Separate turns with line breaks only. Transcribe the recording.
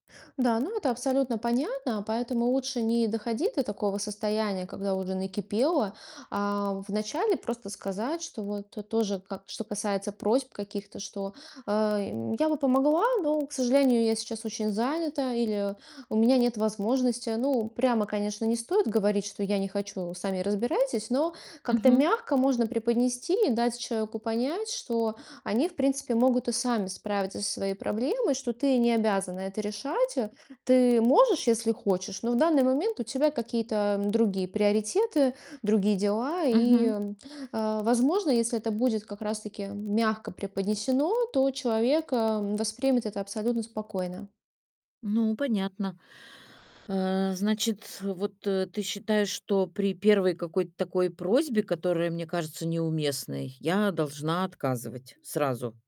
Да, ну, это абсолютно понятно. Поэтому лучше не доходить до такого состояния, когда уже накипело, а в начале просто сказать, что вот тоже ка что касается просьб каких-то, что, э, м: "Я бы помогла, но, к сожалению, я сейчас очень занята". Или: "У меня нет возможности". Ну, прямо, конечно, не стоит говорить, что "я не хочу, сами разбирайтесь", но как-то
Мгм.
мягко можно преподнести и дать человеку понять, что они в принципе могут и сами справиться со своей проблемой, что ты не обязана это решать, э. Ты можешь, если хочешь, но в данный момент у тебя какие-то другие приоритеты, другие дела. И,
Мгм.
а, возможно, если это будет как раз таки мягко преподнесено, то человек, а, воспримет это абсолютно спокойно.
Ну понятно. Э, значит, вот, э, ты считаешь, что при 1 какой-то такой просьбе, которая мне кажется неуместной, я должна отказывать сразу?